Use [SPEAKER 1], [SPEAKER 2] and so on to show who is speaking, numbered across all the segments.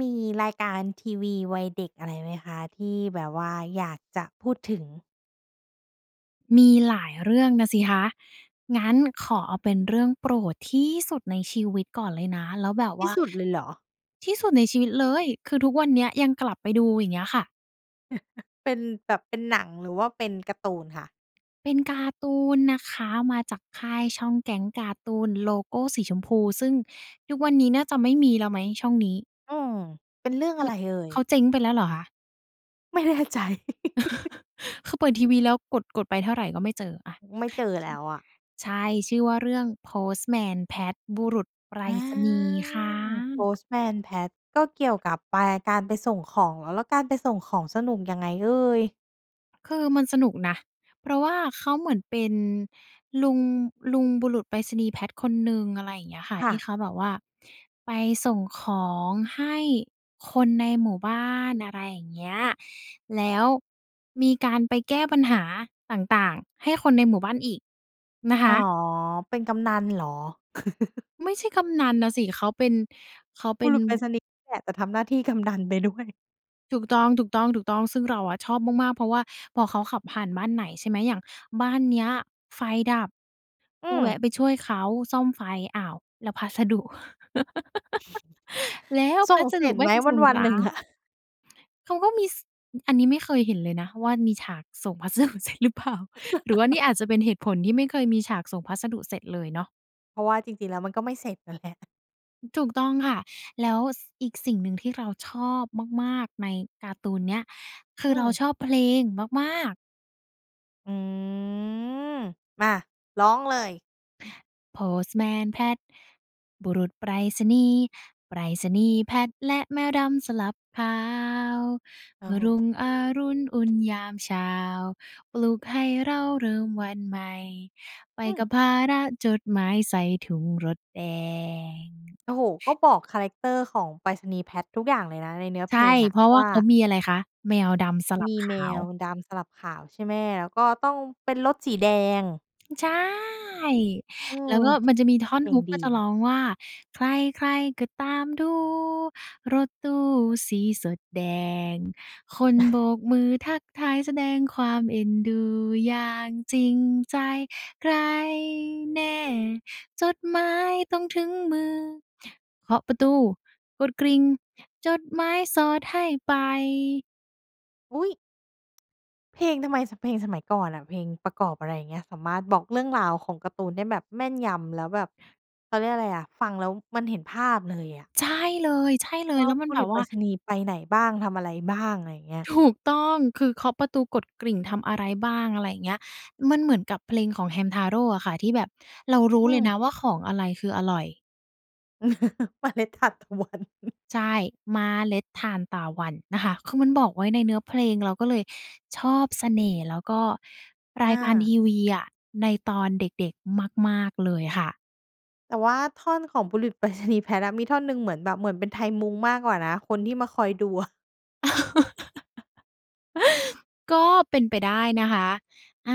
[SPEAKER 1] มีรายการทีวีวัยเด็กอะไรไหมคะที่แบบว่าอยากจะพูดถึง?
[SPEAKER 2] มีหลายเรื่องนะสิคะ งั้นขอเอาเป็นเรื่องโปรดที่สุดในชีวิตก่อนเลยนะ แล้วแบบ
[SPEAKER 1] ท
[SPEAKER 2] ว
[SPEAKER 1] ี
[SPEAKER 2] ่
[SPEAKER 1] ่
[SPEAKER 2] า
[SPEAKER 1] สุดเลยเหรอ?
[SPEAKER 2] ที่สุดในชีวิตเลย คือทุกวันเนี้ยยังกลับไปดูอย่างเงี้ยค่ะ
[SPEAKER 1] เป็นแบบ เป็นหนัง หรือว่าเป็นการ์ตูนคะ?
[SPEAKER 2] เป็นการ์ตูนนะคะ มาจากค่ายช่อง Gang Cartoon โลโกสีชมพู ซึ่งทุกวันนี้น่าจะไม่มีแล้วไหมช่องนี้?
[SPEAKER 1] อืม เป็นเรื่อง
[SPEAKER 2] ค
[SPEAKER 1] อะ
[SPEAKER 2] ื
[SPEAKER 1] ไ
[SPEAKER 2] อ
[SPEAKER 1] รเอ่ย?
[SPEAKER 2] เขาเจ๊งไปแล้วเหรอคะ?
[SPEAKER 1] ไม่แน่ใจ
[SPEAKER 2] คือเปิดทีวีแล้วกด กดไปเท่าไรก็ไม่เจออะ
[SPEAKER 1] ไม่เจอแล้วอะ
[SPEAKER 2] ใช่ ชื่อว่าเรื่อง Postman Pat บุรุษไปร
[SPEAKER 1] อา
[SPEAKER 2] ษณีย์ค่ะ
[SPEAKER 1] Postman Pat ก็เกี่ยวกับไป การไปส่งของ แล้วการไปส่งของสนุกยังไงเอ่ย?
[SPEAKER 2] คือมันสนุกนะ เพราะว่าเขาเหมือนเป็นลุง ลุงบุรุษไปรษณีย์แพทคนหนึ่ง อะไรอย่างเงี้ยค่ะ
[SPEAKER 1] ค
[SPEAKER 2] ท
[SPEAKER 1] ่
[SPEAKER 2] ี่
[SPEAKER 1] ะ
[SPEAKER 2] เขาแบบว่าไปส่งของให้คนในหมู่บ้าน อะไรอย่างเงี้ย แล้วมีการไปแก้ปัญหาต่าง ๆ ให้คนในหมู่บ้านอีกนะค
[SPEAKER 1] อ๋อ
[SPEAKER 2] ะ
[SPEAKER 1] เป็นกำนันเหรอ?
[SPEAKER 2] ไม่ใช่กำนันน่ะสิ เขาเป็น เขาเป
[SPEAKER 1] บ
[SPEAKER 2] ็
[SPEAKER 1] ุ
[SPEAKER 2] น
[SPEAKER 1] รุษไปรษณีย์นี่แหละ แต่ทำหน้าที่ กำนันไปด้วย
[SPEAKER 2] ถูกต้อง ๆ ๆ ซึ่งเราอะชอบมาก ๆ เพราะว่าพอเขาขับผ่านบ้านไหน ใช่ไหม อย่างบ้านเนี้ยไฟดับ
[SPEAKER 1] อ
[SPEAKER 2] ก็
[SPEAKER 1] ื
[SPEAKER 2] แว
[SPEAKER 1] อ
[SPEAKER 2] ะไปช่วยเขาซ่อมไฟ อ้าว แล้วพัสดุ แล้ว
[SPEAKER 1] ส
[SPEAKER 2] พ
[SPEAKER 1] ่
[SPEAKER 2] ั
[SPEAKER 1] ง
[SPEAKER 2] ส
[SPEAKER 1] เส
[SPEAKER 2] ด
[SPEAKER 1] ร
[SPEAKER 2] ุ
[SPEAKER 1] ็จ
[SPEAKER 2] ไม
[SPEAKER 1] ไ
[SPEAKER 2] ่
[SPEAKER 1] หม
[SPEAKER 2] ไปส่ง
[SPEAKER 1] วั
[SPEAKER 2] เห
[SPEAKER 1] น
[SPEAKER 2] ร
[SPEAKER 1] ๆ หนึ่งอะ?
[SPEAKER 2] อ? เขาก็มี ส อันนี้ไม่เคยเห็นเลยนะว่า มีฉากส่ง พัสดุเสร็จหรือเปล่า หรือว่านี่อาจจะเป็นเหตุผลที่ไม่เคยมีฉากส่งพัสดุเสร็จเลยเนาะ
[SPEAKER 1] เพราะว่าจริง ๆ แล้วมันก็ไม่เสร็จ น่ะแหละ
[SPEAKER 2] ถูกต้องค่ะ แล้ว ส อีกสิ่งหนึ่งที่เราชอบมาก ๆ ในการ์ตูนเนี้ย คื
[SPEAKER 1] อื
[SPEAKER 2] อเรา
[SPEAKER 1] ม
[SPEAKER 2] ชอบเพลงมาก ๆ
[SPEAKER 1] อือ มา ร้องเลย
[SPEAKER 2] Postman Pat บุรุษไปรษณีย์ ไปรษณีย์ Pat และแมวดำสลับขาว
[SPEAKER 1] โ
[SPEAKER 2] เ
[SPEAKER 1] อ
[SPEAKER 2] ม
[SPEAKER 1] ้
[SPEAKER 2] ื่อ
[SPEAKER 1] โ
[SPEAKER 2] รุ่
[SPEAKER 1] ฮ
[SPEAKER 2] งอรุณอุ่นยามเช้า ปลุกให้เเราเริ่มวันใหม่ ไป
[SPEAKER 1] อื
[SPEAKER 2] ก
[SPEAKER 1] อ
[SPEAKER 2] ับภาระจดหมายใส่ถุงรถแดง
[SPEAKER 1] โอ้โฮ ก็บอกคาแรกเตอร์ของไปรษณีย์ Pat ทุกอย่างเลยนะ ในเนื้อ
[SPEAKER 2] ใ
[SPEAKER 1] เ
[SPEAKER 2] ช
[SPEAKER 1] พ
[SPEAKER 2] ่
[SPEAKER 1] ลงอ
[SPEAKER 2] เ
[SPEAKER 1] ะ
[SPEAKER 2] พราะว่
[SPEAKER 1] ว
[SPEAKER 2] า
[SPEAKER 1] ่า
[SPEAKER 2] เขามีอะไรคะ แมวดำสลั
[SPEAKER 1] ม
[SPEAKER 2] บ
[SPEAKER 1] ี
[SPEAKER 2] ข
[SPEAKER 1] แม
[SPEAKER 2] าว
[SPEAKER 1] วดำสลับขาว ใช่ไหม แล้วก็ต้องเป็นรถสีแดง
[SPEAKER 2] ใช่
[SPEAKER 1] เอ
[SPEAKER 2] แล้ว
[SPEAKER 1] อ
[SPEAKER 2] ก็มันจะมีท่อ
[SPEAKER 1] เ
[SPEAKER 2] น
[SPEAKER 1] พลง
[SPEAKER 2] Hook
[SPEAKER 1] ด
[SPEAKER 2] ก็
[SPEAKER 1] ี
[SPEAKER 2] จะ
[SPEAKER 1] เน
[SPEAKER 2] ร
[SPEAKER 1] า
[SPEAKER 2] ้
[SPEAKER 1] ะ
[SPEAKER 2] องว่า ใคร ๆ ก็ตามดู รถตู้สีสดแดง คนโบกมือทักทาย แสดงความเอ็นดูอย่างจริงใจ ใครแน่จดหมายต้องถึงมือ เคาะประตู กดกริ่ง จดหมายสอดให้ไป
[SPEAKER 1] อุ๊ย! เพลงทำไม ท เพลงสมัยก่อนอะ เพลงประกอบ อะไรอย่างเงี้ย สามารถบอกเรื่องราวของการ์ตูนได้แบบแม่นยำ แล้วแบบ เขาเรียกอะไรอะ ฟังแล้วมันเห็นภาพเลยอะ
[SPEAKER 2] ใช่เลย ใช่เลย
[SPEAKER 1] ว่า
[SPEAKER 2] แล้วมั
[SPEAKER 1] บ
[SPEAKER 2] น
[SPEAKER 1] ุ
[SPEAKER 2] แบ
[SPEAKER 1] รุ
[SPEAKER 2] บ
[SPEAKER 1] ษไ
[SPEAKER 2] ว
[SPEAKER 1] ป
[SPEAKER 2] ่
[SPEAKER 1] ร
[SPEAKER 2] า
[SPEAKER 1] ษณีย์ไปไหนบ้าง ทำอะไรบ้าง อะไรเงี้ย
[SPEAKER 2] ถูก ต้อง คือเคาะประตู กดกริ่ง ทำอะไรบ้าง อะไรอย่างเงี้ย มันเหมือนกับเพลงของแฮมทาโร่อะค่ะ ที่แบบเรารู้
[SPEAKER 1] อื
[SPEAKER 2] เลยน
[SPEAKER 1] อ
[SPEAKER 2] ะว่า ของอะไรคืออร่อย
[SPEAKER 1] เมล็ดทานตะวัน
[SPEAKER 2] ใช่ เมล็ดทานตาวันนะคะ คือมันบอกไว้ในเนื้อเพลง เราก็เลยชอบเสน่ห์ แล้วก็ร
[SPEAKER 1] อ
[SPEAKER 2] ายการท
[SPEAKER 1] า
[SPEAKER 2] ีวีอะในตอนเด็ก ๆ มาก ๆ เลยค่ะ
[SPEAKER 1] แต่ว่าท่อนของบุรุษไปรษณีย์แพทอะ มีท่อนหนึ่งเหมือนแบบ เหมือนเป็นไทยมุงมากกว่านะคนที่มาคอยดู อะ
[SPEAKER 2] ก็เป็นไปได้นะคะ อา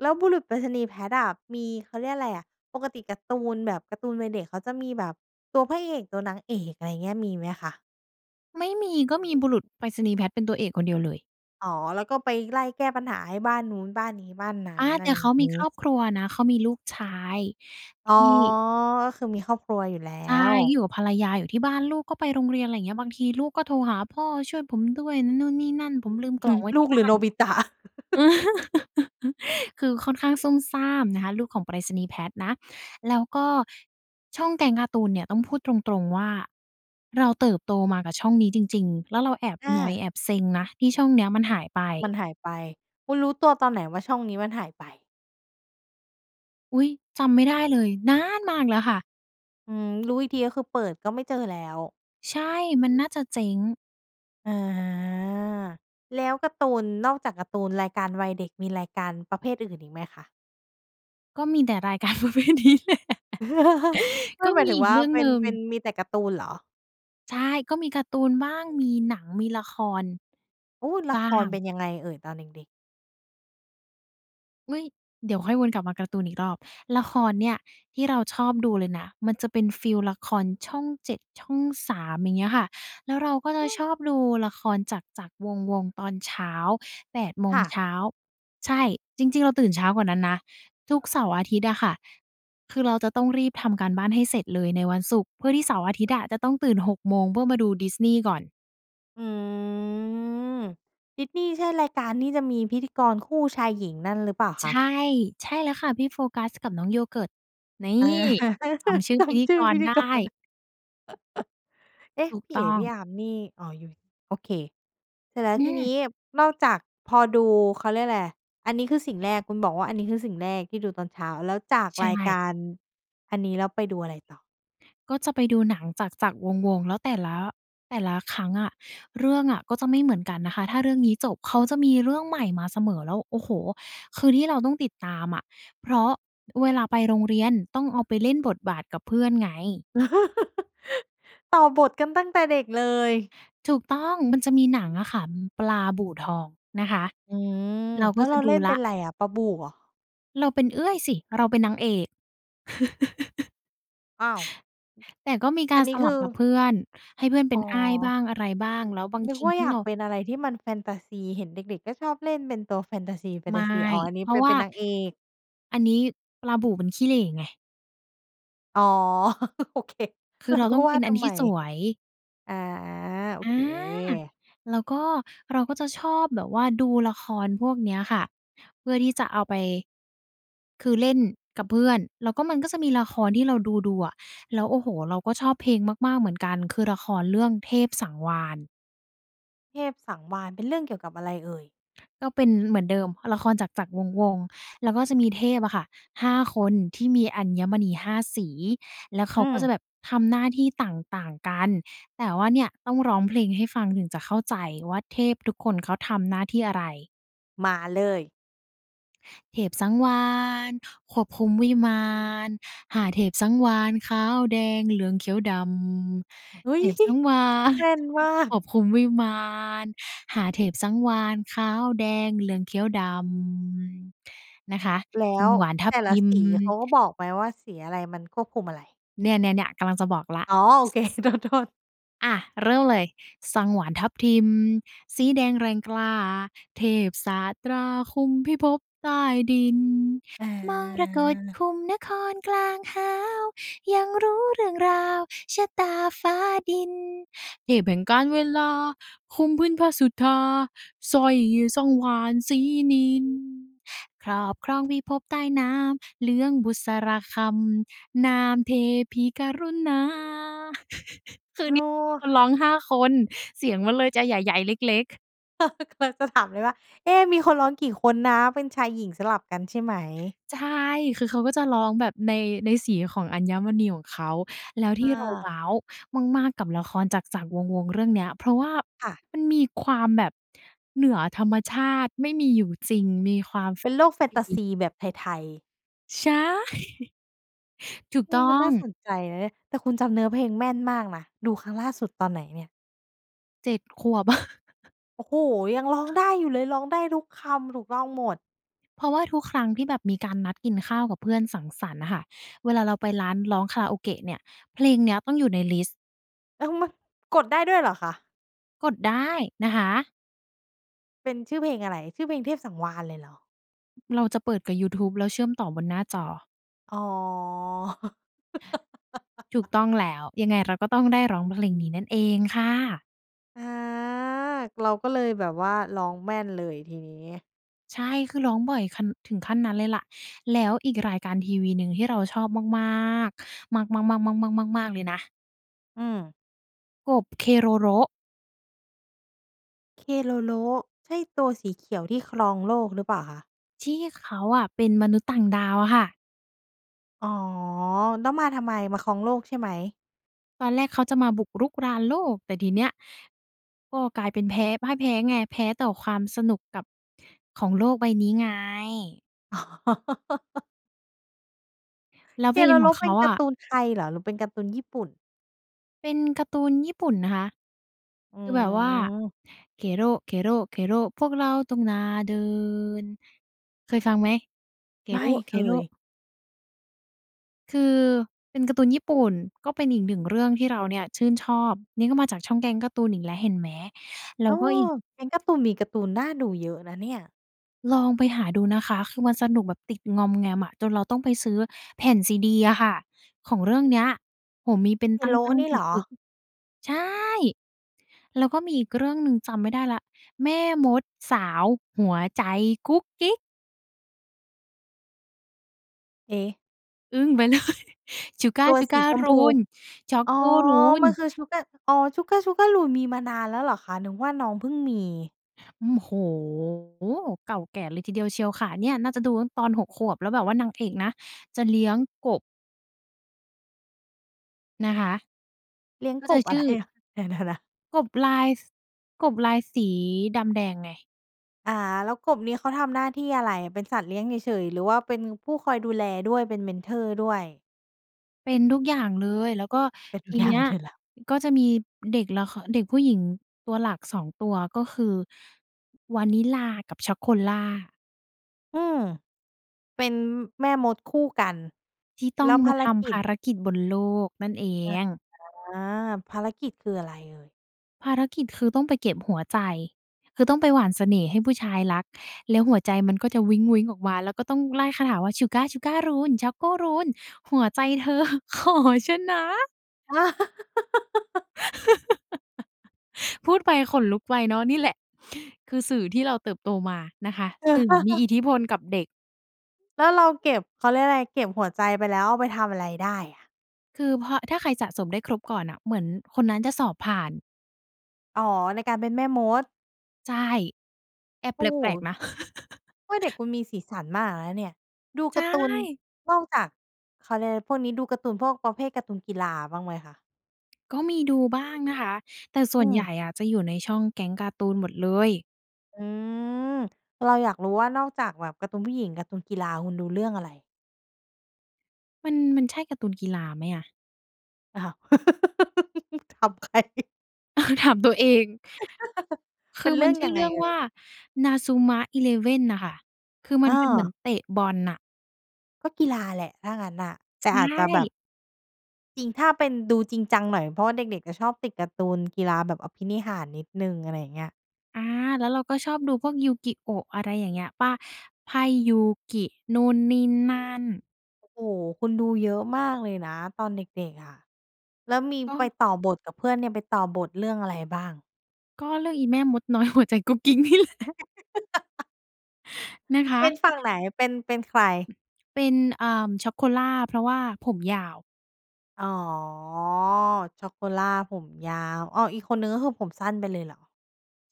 [SPEAKER 1] แล้วบุรุษไปรษณีย์แพทอะ มี เขาเรียกอะไรอะ ปกติการ์ตูนแบบการ์ตูนวัยเด็ก เขาจะมีแบบตัวพระเอก ตัวนางเอก อะไรเงี้ย มีไหมคะ?
[SPEAKER 2] ไม่มี ก็มีบุรุษไปรษณีย์แพทเป็นตัวเอกคนเดียวเลย
[SPEAKER 1] อ๋อ แล้วก็ไปไล่แก้ปัญหาให้บ้านนู้น บ้านนี้ บ้านนั้
[SPEAKER 2] อ
[SPEAKER 1] น
[SPEAKER 2] า
[SPEAKER 1] อ
[SPEAKER 2] แ
[SPEAKER 1] ะ
[SPEAKER 2] ต
[SPEAKER 1] ไร
[SPEAKER 2] ่
[SPEAKER 1] อย
[SPEAKER 2] เ
[SPEAKER 1] ่
[SPEAKER 2] ข
[SPEAKER 1] า
[SPEAKER 2] า
[SPEAKER 1] ง
[SPEAKER 2] ม
[SPEAKER 1] น
[SPEAKER 2] ี
[SPEAKER 1] ี
[SPEAKER 2] คร
[SPEAKER 1] ้
[SPEAKER 2] อบครัวนะ เขามีลูกชาย
[SPEAKER 1] อ๋
[SPEAKER 2] ท
[SPEAKER 1] อ
[SPEAKER 2] ี่
[SPEAKER 1] ก็คือมีครอบครัวอยู่แล้
[SPEAKER 2] ใช่ อ
[SPEAKER 1] ว
[SPEAKER 2] ยู่กับภรรยาอยู่ที่บ้านลูกก็ไปโรงเรียน อะไรเงี้ย บางทีลูกก็โทรหาพ่อ "ช่วยผมด้วย นู่นนี่นั่น ผมลืมก
[SPEAKER 1] ฮ
[SPEAKER 2] ล่
[SPEAKER 1] ึ
[SPEAKER 2] องไว้
[SPEAKER 1] ล
[SPEAKER 2] ท
[SPEAKER 1] ู
[SPEAKER 2] ี่
[SPEAKER 1] ก
[SPEAKER 2] บ
[SPEAKER 1] หร
[SPEAKER 2] ้
[SPEAKER 1] ื
[SPEAKER 2] า
[SPEAKER 1] อโ
[SPEAKER 2] น"
[SPEAKER 1] นบิตะ
[SPEAKER 2] อือ คือค่อนข้างซุ่มซ่ามนะคะ ลูกของไปรษณีย์ Pat นะ แล้วก็ช่องแก๊งการ์ตูนเนี่ยต้องพูดตรง ๆ ว่า เราเติบโตมากับช่องนี้จริง ๆ แล้วเราแอบ
[SPEAKER 1] อ
[SPEAKER 2] นอย
[SPEAKER 1] า
[SPEAKER 2] แอบเซ็งนะ ที่ช่องเนี้ยมันหายไป
[SPEAKER 1] มันหายไป คุณรู้ตัวตอนไหนว่า ช่องนี้มันหายไป?
[SPEAKER 2] อุ๊ย! จำไม่ได้เลย นานมากแล้วค่ะ
[SPEAKER 1] อืม รู้อีกที ก็คือเปิดก็ไม่เจอแล้ว
[SPEAKER 2] ใช่ มันน่าจะเจ๊ง
[SPEAKER 1] อา แล้วการ์ตูน นอกจากการ์ตูนรายการวัยเด็ก มีรายการประเภทอื่นอีกไหมคะ?
[SPEAKER 2] ก็มีแต่รายการ ประเภทนี้แหละ
[SPEAKER 1] ไม
[SPEAKER 2] ก
[SPEAKER 1] ่
[SPEAKER 2] ็
[SPEAKER 1] หมา
[SPEAKER 2] ม
[SPEAKER 1] ย
[SPEAKER 2] ี
[SPEAKER 1] ถึง
[SPEAKER 2] อีก
[SPEAKER 1] ว่า
[SPEAKER 2] เรื่อง
[SPEAKER 1] เป็
[SPEAKER 2] หน
[SPEAKER 1] น
[SPEAKER 2] ึ่ง
[SPEAKER 1] เป็น มีแต่การ์ตูนเหรอ?
[SPEAKER 2] ใช่ ก็มีการ์ตูนบ้าง มีหนัง มีละคร
[SPEAKER 1] อุ๊ย! ล
[SPEAKER 2] บ
[SPEAKER 1] ะ
[SPEAKER 2] ้า
[SPEAKER 1] คร
[SPEAKER 2] ง
[SPEAKER 1] เป็นยังไงเอ่ย? ตอนเด็ก ๆ
[SPEAKER 2] เฮ้ย เดี๋ยวค่อยวนกลับมาการ์ตูนอีกรอบ ละครเนี่ยที่เราชอบดูเลยนะ มันจะเป็นฟีลละครช่อง 7 ช่อง 3 อย่างเงี้ยค่ะ แล้วเราก็จะ
[SPEAKER 1] อื
[SPEAKER 2] ช
[SPEAKER 1] อ
[SPEAKER 2] อบดูละครจักร ๆ วงศ์ ๆ ตอนเช้า 8 โม
[SPEAKER 1] ค
[SPEAKER 2] ง
[SPEAKER 1] ่
[SPEAKER 2] เช
[SPEAKER 1] ะ
[SPEAKER 2] ้า ใช่ จริง ๆ เราตื่นเช้ากว่านั้นนะ ทุกเสาร์อาทิตย์อะค่ะ คือเราจะต้องรีบทำการบ้านให้เสร็จเลยในวันศุกร์ เพื่อที่เสาร์อาทิตย์อะ จะต้องตื่น 6 โมงเพื่อมาดูดิสนีย์ก่อน
[SPEAKER 1] อืม ดิสนีย์ใช่รายการที่จะมีพิธีกรคู่ชายหญิงนั่นหรือเปล่า
[SPEAKER 2] ใ
[SPEAKER 1] ค
[SPEAKER 2] ช
[SPEAKER 1] ะ?
[SPEAKER 2] ่ ใช่แล้วค่ะ พี่โฟกัสกับน้องโยเกิร์ต นี่!
[SPEAKER 1] อา
[SPEAKER 2] จำชื่อ
[SPEAKER 1] จ
[SPEAKER 2] พิธี
[SPEAKER 1] ำชื
[SPEAKER 2] ก
[SPEAKER 1] ่อพ
[SPEAKER 2] ร
[SPEAKER 1] ิธ
[SPEAKER 2] ได
[SPEAKER 1] ี
[SPEAKER 2] ้
[SPEAKER 1] กร เอ๊ะ
[SPEAKER 2] ถูก
[SPEAKER 1] พี่
[SPEAKER 2] ต
[SPEAKER 1] เ
[SPEAKER 2] ้
[SPEAKER 1] อ
[SPEAKER 2] อ
[SPEAKER 1] ๋ พี
[SPEAKER 2] ง
[SPEAKER 1] ่อาร์มนี่ อ๋อ อยู่ โอเค เสร็จแล้ว
[SPEAKER 2] อ
[SPEAKER 1] ทีน
[SPEAKER 2] ือ
[SPEAKER 1] ี้นอกจากพอดู เขาเรียกไร อันนี้คือสิ่งแรก คุณบอกว่า อันนี้คือสิ่งแรกที่ดูตอนเช้า แล้วจาก
[SPEAKER 2] ใช
[SPEAKER 1] รายก
[SPEAKER 2] ่
[SPEAKER 1] ารอันนี้ แล้วไปดูอะไรต่อ?
[SPEAKER 2] ก็จะไปดูหนังจักร ๆ วงศ์ ๆ แล้วแต่ละ แต่ละครั้งอะ เรื่องอะก็จะไม่เหมือนกันนะคะ ถ้าเรื่องนี้จบเขาจะมีเรื่องใหม่มาเสมอ แล้ว โอ้โฮ คือที่เราต้องติดตามอะ เพราะเวลาไปโรงเรียนต้องเอาไปเล่นบทบาทกับเพื่อนไง
[SPEAKER 1] ต่อบทกันตั้งแต่เด็กเลย
[SPEAKER 2] ถูกต้อง มันจะมีหนังอะค่ะ ปลาบู่ทองนะคะ
[SPEAKER 1] อือ
[SPEAKER 2] เราก
[SPEAKER 1] แล
[SPEAKER 2] ็
[SPEAKER 1] ้ว
[SPEAKER 2] จ
[SPEAKER 1] เร
[SPEAKER 2] ะ
[SPEAKER 1] า
[SPEAKER 2] ด
[SPEAKER 1] เล
[SPEAKER 2] ู
[SPEAKER 1] ่น
[SPEAKER 2] แล
[SPEAKER 1] เป
[SPEAKER 2] ้
[SPEAKER 1] ็
[SPEAKER 2] ว
[SPEAKER 1] นไรอะ ปลาบู่เหรอ?
[SPEAKER 2] เราเป็นเอื้อยสิ เราเป็นนางเอก
[SPEAKER 1] อ้าว
[SPEAKER 2] แต่ก็มีก
[SPEAKER 1] อั
[SPEAKER 2] า
[SPEAKER 1] น
[SPEAKER 2] ร
[SPEAKER 1] นี้
[SPEAKER 2] ส
[SPEAKER 1] ค
[SPEAKER 2] ลั
[SPEAKER 1] ื
[SPEAKER 2] บ
[SPEAKER 1] อ
[SPEAKER 2] กับเพื่อน ให้เพื่อนเป
[SPEAKER 1] อ
[SPEAKER 2] ็
[SPEAKER 1] ๋
[SPEAKER 2] นอ้ายบ้
[SPEAKER 1] อ
[SPEAKER 2] างอะไรบ้าง แล้วบาง
[SPEAKER 1] นึ
[SPEAKER 2] ท
[SPEAKER 1] ก
[SPEAKER 2] ี
[SPEAKER 1] ว่า
[SPEAKER 2] ถ้
[SPEAKER 1] อย
[SPEAKER 2] า
[SPEAKER 1] า
[SPEAKER 2] เร
[SPEAKER 1] ก
[SPEAKER 2] า
[SPEAKER 1] เป็นอะไรที่มันแฟนทาซี เห็นเด็ก ๆ ก็ชอบเล่นเป็นตัวแฟนทาซี แฟน
[SPEAKER 2] ไม
[SPEAKER 1] ทา
[SPEAKER 2] ่
[SPEAKER 1] ซี อ๋อ อันนี้
[SPEAKER 2] เพรา
[SPEAKER 1] เป
[SPEAKER 2] ะ
[SPEAKER 1] ็น
[SPEAKER 2] ว
[SPEAKER 1] เ
[SPEAKER 2] ่
[SPEAKER 1] ป
[SPEAKER 2] า
[SPEAKER 1] ็นนางเอก
[SPEAKER 2] อันนี้ปลาบู่มันขี้เหร่ไง
[SPEAKER 1] อ๋อ โอเค
[SPEAKER 2] คื
[SPEAKER 1] เร
[SPEAKER 2] อ
[SPEAKER 1] า
[SPEAKER 2] เรา
[SPEAKER 1] ก็
[SPEAKER 2] ต้อง
[SPEAKER 1] ว
[SPEAKER 2] เป
[SPEAKER 1] ่า
[SPEAKER 2] ็น
[SPEAKER 1] ท
[SPEAKER 2] อัน
[SPEAKER 1] ำ
[SPEAKER 2] ท
[SPEAKER 1] ไม
[SPEAKER 2] ี่สวย
[SPEAKER 1] อา โอ
[SPEAKER 2] อ
[SPEAKER 1] เค
[SPEAKER 2] า แล้วก็ เราก็จะชอบแบบว่าดูละครพวกเนี้ยค่ะ เพื่อที่จะเอาไป คือเล่นกับเพื่อน แล้วก็ มันก็จะมีละครที่เราดู ๆ อะ แล้ว โอ้โฮ! เราก็ชอบเพลงมาก ๆ เหมือนกัน คือละครเรื่องเทพสังวาลย์
[SPEAKER 1] เทพสังวาลย์ เป็นเรื่องเกี่ยวกับอะไรเอ่ย?
[SPEAKER 2] ก็เป็นเหมือนเดิม ละครจักร ๆ วงศ์ ๆ แล้วก็จะมีเทพอะค่ะ 5 คนที่มีอัญมณี 5 สี แล้วเข
[SPEAKER 1] อื
[SPEAKER 2] าก็จะ
[SPEAKER 1] ม
[SPEAKER 2] แบบทำหน้าที่ต่าง ๆ กัน แต่ว่าเนี่ย ต้องร้องเพลงให้ฟังถึงจะเข้าใจว่า เทพทุกคนเขาทำหน้าที่อะไร
[SPEAKER 1] มาเลย
[SPEAKER 2] เทพสังวาลย์ ควบคุมวิมาน 5 เทพสังวาลย์ ขาว แดง เหลือง เขียว ด
[SPEAKER 1] อุ
[SPEAKER 2] ำ
[SPEAKER 1] ๊
[SPEAKER 2] เท
[SPEAKER 1] ย!
[SPEAKER 2] พสังวาลย์
[SPEAKER 1] แม่นมา
[SPEAKER 2] ค
[SPEAKER 1] ก
[SPEAKER 2] วบคุมวิมาน 5 เทพสังวาลย์ ขาว แดง เหลือง เขียว ดำ นะคะ
[SPEAKER 1] แล
[SPEAKER 2] ส
[SPEAKER 1] ้
[SPEAKER 2] ั
[SPEAKER 1] ว
[SPEAKER 2] งวาลย์ทั
[SPEAKER 1] แต
[SPEAKER 2] บ
[SPEAKER 1] ่
[SPEAKER 2] ท
[SPEAKER 1] ละ
[SPEAKER 2] ิม
[SPEAKER 1] สีเขาก็บอกไหมว่า สีอะไรมันควบคุมอะไร?
[SPEAKER 2] เนี่ย ๆ ๆ กำลังจะบอกแล้ว
[SPEAKER 1] อ๋อ โอ เค โทษ ๆ
[SPEAKER 2] อะ เริ่มเลย สังวาลย์ทับทิมสีแดงแรงกล้า เทพศาสตราคุมพิภพใต้ดิน
[SPEAKER 1] เ
[SPEAKER 2] มรกต
[SPEAKER 1] ออ
[SPEAKER 2] คุมนครกลางหาว หยั่งรู้เรื่องราวชะตาฟ้าดิน เทพแห่งกาลเวลาคุมพื้นพสุธา สร้อยสังวาลย์สีนิล ครอบครองพิภพใต้น้ำ เหลืองบุษราคัม นามเทพีกรุณา คือ
[SPEAKER 1] อ
[SPEAKER 2] อัน
[SPEAKER 1] ้อ
[SPEAKER 2] นี้คนร้อง 5 คน เสียงมันเลยจะใหญ่ ๆ เล็ก ๆ
[SPEAKER 1] กำลังจะถาม เลยว่า เอ๊ะ มีคนร้องกี่คนนะ เป็นชายหญิงสลับกันใช่ไหม?
[SPEAKER 2] ใช่ คือเขาก็จะร้องแบบใน ในสีของอัญมณีของเขา แล้วท
[SPEAKER 1] ค
[SPEAKER 2] ี่
[SPEAKER 1] ่
[SPEAKER 2] เราว
[SPEAKER 1] ะ
[SPEAKER 2] ้าวมาก ๆ กับละครจักร ๆ วงศ์ ๆ เรื่องเนี้ย เพราะว่า
[SPEAKER 1] ค่ะ
[SPEAKER 2] มันมีความแบบเหนือธรรมชาติ ไม่มีอยู่จริง มีความแฟ
[SPEAKER 1] เป็น
[SPEAKER 2] น
[SPEAKER 1] โล
[SPEAKER 2] ตา
[SPEAKER 1] กแฟ
[SPEAKER 2] ซ
[SPEAKER 1] นตาซ
[SPEAKER 2] ี
[SPEAKER 1] ีแบบไทย ๆ
[SPEAKER 2] ใช่ ถูก
[SPEAKER 1] อื
[SPEAKER 2] ต
[SPEAKER 1] ม
[SPEAKER 2] ้
[SPEAKER 1] ม
[SPEAKER 2] อ
[SPEAKER 1] ันน
[SPEAKER 2] ง
[SPEAKER 1] ่าสนใจนะเนี่ย แต่คุณจำเนื้อเพลงแม่นมากนะ ดูครั้งล่าสุดตอนไหนเนี่ย?
[SPEAKER 2] 7 ขวบ
[SPEAKER 1] โอ้โฮ ยังร้องได้อยู่เลย ร้องได้ทุกคำถูกต้องหมด
[SPEAKER 2] เพราะว่าทุกครั้งที่แบบมีการนัดกินข้าวกับเพื่อนสังสรรค์น่ะค่ะ เวลาเราไปร้านร้องคาราโอเกะเนี่ย เพลงเนี้ยต้องอยู่ในลิสต์
[SPEAKER 1] ยัง ม กดได้ด้วยเหรอคะ?
[SPEAKER 2] กดได้นะคะ
[SPEAKER 1] เป็นชื่อเพลงอะไร ชื่อเพลงเทพสังวาลเลยเหรอ?
[SPEAKER 2] เราจะเปิดกับยูทูบแล้วเชื่อมต่อบนหน้าจอ
[SPEAKER 1] อ๋อ
[SPEAKER 2] ถูกต้องแล้ว ยังไงเราก็ต้องได้ร้องเพลงนี้นั่นเองค่ะ
[SPEAKER 1] อา เราก็เลยแบบว่าร้องแม่นเลยทีนี้
[SPEAKER 2] ใช่ คือร้องบ่อยคัน ถึงขั้นนั้นเลยแหละ แล้วอีกรายการทีวีหนึ่งที่เราชอบมาก ๆ มาก ๆ ๆ ๆ ๆ ๆ ๆ เลยนะ
[SPEAKER 1] อือ
[SPEAKER 2] กบ Keroro
[SPEAKER 1] Keroro ใช่ตัวสีเขียวที่ครองโลกหรือเปล่าคะ?
[SPEAKER 2] ที่เขาอะเป็นมนุษย์ต่างดาวอะค่ะ
[SPEAKER 1] อ๋อ แล้วมาทำไม มาครองโลกใช่ไหม?
[SPEAKER 2] ตอนแรกเขาจะมาบุกรุกรานโลก แต่ทีเนี้ย ก็กลายเป็นแพ้ พ่ายแพ้ไง แพ้ต่อความสนุกกับ ของโลกใบนี้ไง
[SPEAKER 1] อ๋อ
[SPEAKER 2] แล้วเพลงขอ
[SPEAKER 1] Keroro
[SPEAKER 2] งเข
[SPEAKER 1] เป็
[SPEAKER 2] า
[SPEAKER 1] นก
[SPEAKER 2] อ
[SPEAKER 1] าร
[SPEAKER 2] ะ
[SPEAKER 1] ์ตูนไทยเหรอ หรือเป็นการ์ตูนญี่ปุ่น?
[SPEAKER 2] เป็นการ์ตูนญี่ปุ่นนะคะ
[SPEAKER 1] อ๋
[SPEAKER 2] คือแบบว่า
[SPEAKER 1] อ
[SPEAKER 2] Kero Kero Kero พวกเราต้องหน้าเดิน เคยฟังไหม?
[SPEAKER 1] ไม
[SPEAKER 2] Kero
[SPEAKER 1] ่เค
[SPEAKER 2] Kero
[SPEAKER 1] ย
[SPEAKER 2] คือเป็นการ์ตูนญี่ปุ่น ก็เป็นอีก 1 เรื่องที่เราเนี่ยชื่นชอบ นี่ก็มาจากช่องแก๊งการ์ตูนอีกแล้ว เห็นไหม แล
[SPEAKER 1] เ
[SPEAKER 2] ้
[SPEAKER 1] อ
[SPEAKER 2] ว
[SPEAKER 1] อ
[SPEAKER 2] ก็อีก
[SPEAKER 1] แก๊งการ์ตูน มีการ์ตูนน่าดูเยอะนะเนี่ย
[SPEAKER 2] ลองไปหาดูนะคะ คือมันสนุกแบบติดงอมแงมอะ จนเราต้องไปซื้อแผ่นซีดีอะค่ะ ของเรื่องเนี้ย โอ้โฮ มีเป็นตั
[SPEAKER 1] Kero
[SPEAKER 2] ้ง
[SPEAKER 1] นี
[SPEAKER 2] ๆ
[SPEAKER 1] ่
[SPEAKER 2] ป
[SPEAKER 1] เหรอ?
[SPEAKER 2] ึก ๆ ใช่ แล้วก็มีอีกเรื่องหนึ่ง จำไม่ได้แล้ว แม่มดสาวหัวใจกุ๊กกิ๊ก
[SPEAKER 1] เอ
[SPEAKER 2] อึ้งไป เลย ชูก้า
[SPEAKER 1] ตัว
[SPEAKER 2] ชู
[SPEAKER 1] ส
[SPEAKER 2] ก้
[SPEAKER 1] ี
[SPEAKER 2] า
[SPEAKER 1] ชม
[SPEAKER 2] รู
[SPEAKER 1] พู
[SPEAKER 2] น ช็อก
[SPEAKER 1] อ๋อ!
[SPEAKER 2] โก รูน
[SPEAKER 1] มันคือชูก้า อ๋อ ชูก้า ชูก้ารูน มีมานานแล้วเหรอคะ? นึกว่าน้องเพิ่งมี
[SPEAKER 2] อืม โอ้ เก่าแก่เลยทีเดียวเชียวค่ะ เนี่ยน่าจะดูตอน 6 ขวบ แล้วแบบว่านางเอกนะ จะเลี้ยงกบ นะคะ
[SPEAKER 1] เลี้ยง
[SPEAKER 2] ก็
[SPEAKER 1] ก
[SPEAKER 2] จะ
[SPEAKER 1] บ
[SPEAKER 2] ช
[SPEAKER 1] อะ
[SPEAKER 2] ื
[SPEAKER 1] ไร
[SPEAKER 2] ่อ
[SPEAKER 1] นะ เดี๋ยว ๆ นะ
[SPEAKER 2] กบลาย ส กบลายสีดำแดงไง
[SPEAKER 1] อ่า แล้วกบนี้เขาทำหน้าที่อะไร? เป็นสัตว์เลี้ยงเฉย ๆ หรือว่าเป็นผู้คอยดูแลด้วย เป็นเมนทอร์ด้วย?
[SPEAKER 2] เป็นทุกอย่างเลย แล้วก็
[SPEAKER 1] เป็นท
[SPEAKER 2] ท
[SPEAKER 1] ุก
[SPEAKER 2] ี
[SPEAKER 1] อย่า
[SPEAKER 2] เน
[SPEAKER 1] ง
[SPEAKER 2] ี
[SPEAKER 1] ใ
[SPEAKER 2] ้
[SPEAKER 1] ห
[SPEAKER 2] ย
[SPEAKER 1] ้เธอแล้ว
[SPEAKER 2] ก็จะมีเด็กละคร เด็กผู้หญิงตัวหลัก 2 ตัว ก็คือ วานิลลากับช็อกโกล่า
[SPEAKER 1] อืม เป็น แม่มดคู่กัน
[SPEAKER 2] ที่ต
[SPEAKER 1] แ
[SPEAKER 2] ้
[SPEAKER 1] ล
[SPEAKER 2] อ
[SPEAKER 1] ้
[SPEAKER 2] ง
[SPEAKER 1] วภ
[SPEAKER 2] มา
[SPEAKER 1] าร
[SPEAKER 2] ท
[SPEAKER 1] ก
[SPEAKER 2] ำภ
[SPEAKER 1] ิจ
[SPEAKER 2] ารกิจบนโลกนั่นเอ
[SPEAKER 1] อ่
[SPEAKER 2] ง
[SPEAKER 1] า ภารกิจคืออะไรเอ่ย?
[SPEAKER 2] ภารกิจ คือต้องไปเก็บหัวใจ คือต้องไปหว่านเสน่ห์ให้ผู้ชายรัก แล้วหัวใจมันก็จะวิ้ง ๆ ออกมาแล้วก็ต้องไล่คาถาว่า ชูก้า ชูก้ารูน ช็อกโกรูน หัวใจ เธอขอฉันนะ
[SPEAKER 1] อา
[SPEAKER 2] พูดไปขนลุกไปเนาะ นี่แหละ คือสื่อที่เราเติบโตมานะคะ สื่อมีอิทธิพลกับเด็ก
[SPEAKER 1] แล้วเราเก็บ เขาเรียกอะไร เก็บหัวใจไปแล้วเอาไปทำอะไรได้อะ?
[SPEAKER 2] คือพอ ถ้าใครสะสมได้ครบก่อนน่ะ เหมือนคนนั้นจะสอบผ่าน
[SPEAKER 1] อ๋อ ในการเป็นแม่มด
[SPEAKER 2] ใช่ แอบ
[SPEAKER 1] โอ
[SPEAKER 2] แ
[SPEAKER 1] ้โ
[SPEAKER 2] ปลก
[SPEAKER 1] ฮ
[SPEAKER 2] ๆ นะ
[SPEAKER 1] เออ เด็กคุณมีสีสันมากเลยนะเนี่ย ดู
[SPEAKER 2] ใช
[SPEAKER 1] การ์ตูน
[SPEAKER 2] ่
[SPEAKER 1] นอกจาก เขาเรียกอะไร พวกนี้ ดูการ์ตูนพวกประเภทการ์ตูนกีฬาบ้างไหมคะ?
[SPEAKER 2] ก็มีดูบ้างนะคะ แต่ส
[SPEAKER 1] อ
[SPEAKER 2] ่
[SPEAKER 1] ื
[SPEAKER 2] วนใหญ
[SPEAKER 1] ม
[SPEAKER 2] ่อะ จะอยู่ในช่องแก๊งการ์ตูนหมดเลย
[SPEAKER 1] อืม เราอยากรู้ว่านอกจากแบบการ์ตูนผู้หญิง การ์ตูนกีฬาคุณดูเรื่องอะไร?
[SPEAKER 2] มัน มันใช่การ์ตูนกีฬาไหมอะ?
[SPEAKER 1] ถามใคร?
[SPEAKER 2] ถามตัวเอง ค
[SPEAKER 1] เป
[SPEAKER 2] ื
[SPEAKER 1] ็
[SPEAKER 2] อ
[SPEAKER 1] นเร
[SPEAKER 2] ม
[SPEAKER 1] ื
[SPEAKER 2] ั
[SPEAKER 1] ่
[SPEAKER 2] น
[SPEAKER 1] อง
[SPEAKER 2] ชื่
[SPEAKER 1] ยั
[SPEAKER 2] อ
[SPEAKER 1] ง
[SPEAKER 2] เ
[SPEAKER 1] ไ
[SPEAKER 2] ร
[SPEAKER 1] ง
[SPEAKER 2] ื่อง
[SPEAKER 1] เอ่
[SPEAKER 2] ว่
[SPEAKER 1] ย?
[SPEAKER 2] า Inazuma Eleven น่ะค่ะ คือมั
[SPEAKER 1] อ
[SPEAKER 2] นเป็นเหมือน
[SPEAKER 1] า
[SPEAKER 2] เตะบอลน่ะ
[SPEAKER 1] ก็กีฬาแหละถ้างั้นน่ะ แต่
[SPEAKER 2] ใช
[SPEAKER 1] อาจจะแบบ
[SPEAKER 2] ่
[SPEAKER 1] จริง ถ้าเป็นดูจริงจังหน่อย เพราะว่าเด็ก ๆ จะชอบติดการ์ตูนกีฬาแบบอภินิหารนิดหนึ่ง อะไรอย่างเงี้ย
[SPEAKER 2] อา แล้วเราก็ชอบดูพวก Yu-Gi-Oh! อะไรอย่างเงี้ยเปล่า ไพ่ยูกินู่นนี่นั่น?
[SPEAKER 1] โอ้โฮ คุณดูเยอะมากเลยนะตอนเด็ก ๆ อะ แล้วมี
[SPEAKER 2] ก
[SPEAKER 1] ไป
[SPEAKER 2] ็
[SPEAKER 1] ต่อบทกับเพื่อนเนี่ย ไปต่อบทเรื่องอะไรบ้าง?
[SPEAKER 2] ก็เรื่องอีแม่มดน้อย หัวใจกุ๊กกิ๊กนี่แหละ นะค
[SPEAKER 1] เป็นฝั่
[SPEAKER 2] ะ
[SPEAKER 1] งไหน? เป็น เป็นใคร?
[SPEAKER 2] เป็น เอ่อ Chocola เพราะว่าผมยาว
[SPEAKER 1] อ๋อ Chocola ผมยาว อ้อ อีกคนหนึ่ง ก็คือผมสั้นไปเลยเหรอ?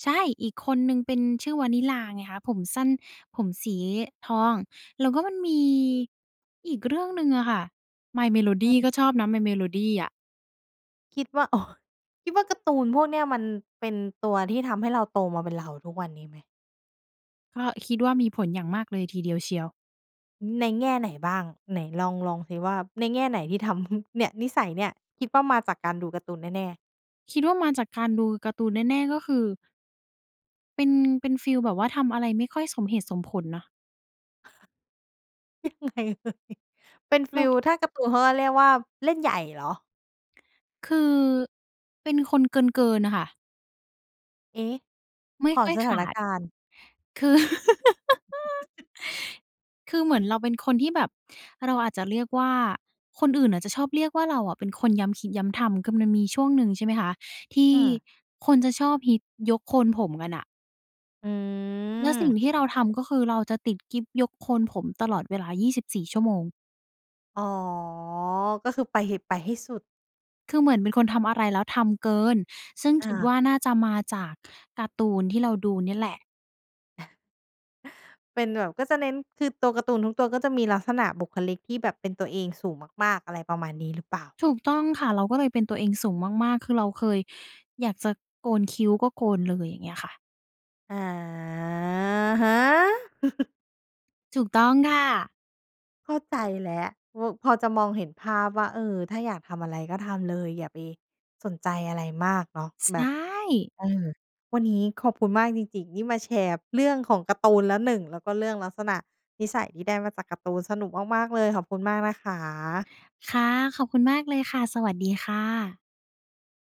[SPEAKER 2] ใช่ อีกคนหนึ่งเป็น ชื่อวานิลลาไงคะ ผมสั้น ผมสี ทอง แล้วก็มันมี อีกเรื่องหนึ่งอะค่ะ My
[SPEAKER 1] อ
[SPEAKER 2] Melody
[SPEAKER 1] ือ
[SPEAKER 2] ก็ชอบนะ My Melody อะ
[SPEAKER 1] คิดว่า โอ้ คิดว่าการ์ตูนพวกเนี้ย มันเป็นตัวที่ทำให้เราโตมาเป็นเราทุกวันนี้ไหม?
[SPEAKER 2] ก็คิดว่ามีผลอย่างมากเลยทีเดียวเชียว
[SPEAKER 1] ในแง่ไหนบ้าง? ไหนลอง ลองซิว่า ในแง่ไหนที่ทำ เนี่ย นิสัยเนี่ย คิดว่ามาจากการดูการ์ตูนแน่ ๆ?
[SPEAKER 2] คิดว่ามาจากการดูการ์ตูนแน่ ๆ ก็คือ เป็น เป็นฟีลแบบว่า ทำอะไรไม่ค่อยสมเหตุสมผลนะ
[SPEAKER 1] เล่นใหญ่เลย เป็นฟ
[SPEAKER 2] เร
[SPEAKER 1] ีล
[SPEAKER 2] า
[SPEAKER 1] ถ้าการ์ตูนเขาก็เรียกว่าเล่นใหญ่เหรอ?
[SPEAKER 2] คือ เป็นคนเกิน ๆ น่ะค่ะ
[SPEAKER 1] เอ๊ะ
[SPEAKER 2] ไม่
[SPEAKER 1] ขอ
[SPEAKER 2] ค่อย
[SPEAKER 1] ส
[SPEAKER 2] ข
[SPEAKER 1] ถาน
[SPEAKER 2] าด
[SPEAKER 1] การณ์
[SPEAKER 2] คือ คือเหมือนเราเป็นคนที่แบบ เราอาจจะเรียกว่า คนอื่นอาจจะชอบเรียกว่า เราอะเป็นคนย้ำคิดย้ำทำ คือ มันมีช่วงหนึ่ง ใช่ไหมคะ ที่
[SPEAKER 1] อือ
[SPEAKER 2] คนจะชอบฮิตยกโคนผมกันอะ
[SPEAKER 1] อื
[SPEAKER 2] แล้วสิ่ง
[SPEAKER 1] อ
[SPEAKER 2] ที่เราทำ ก็คือเราจะติดกิ๊บยกโคนผมตลอดเวลา 24 ชั่วโมง
[SPEAKER 1] อ๋อ ก็คือไป ห ไปให้สุด
[SPEAKER 2] คือเหมือนเป็นคนทำอะไรแล้วทำเกิน ซึ่ง
[SPEAKER 1] อ
[SPEAKER 2] คิดว
[SPEAKER 1] า
[SPEAKER 2] ่าน่าจะมาจากการ์ตูนที่เราดูเนี่ยแหละ
[SPEAKER 1] เป็นแบบ ก็จะเน้น คือตัวการ์ตูนทุกตัว ก็จะมีลักษณะบุคลิกที่แบบเป็นตัวเองสูงมาก ๆ อะไรประมาณนี้หรือเปล่า?
[SPEAKER 2] ถูกต้องค่ะ เราก็เลยเป็นตัวเองสูงมาก ๆ คือเราเคยอยากจะโกนคิ้ว ก็โกนเลย อย่างเงี้ยค่ะ
[SPEAKER 1] อะฮะ
[SPEAKER 2] ถูกต้องค่ะ
[SPEAKER 1] เข้าใจแล้ว ว พอจะมองเห็นภาพว่า เออ ถ้าอยากทำอะไรก็ทำเลย อย่าไปสนใจอะไรมากเนาะ
[SPEAKER 2] ใช
[SPEAKER 1] แบบ
[SPEAKER 2] ่
[SPEAKER 1] เออ วันนี้ขอบคุณมากจริง ๆ ที่มาแชร์เรื่องของการ์ตูนแล้วหนึ่ง แล้วก็เรื่องลักษณะนิสัยที่ได้มาจากการ์ตูน สนุกมาก ๆ เลย ขอบคุณมากนะคะ
[SPEAKER 2] ค่ะ ขอบคุณมากเลยค่ะ สวัสดี ค่ะ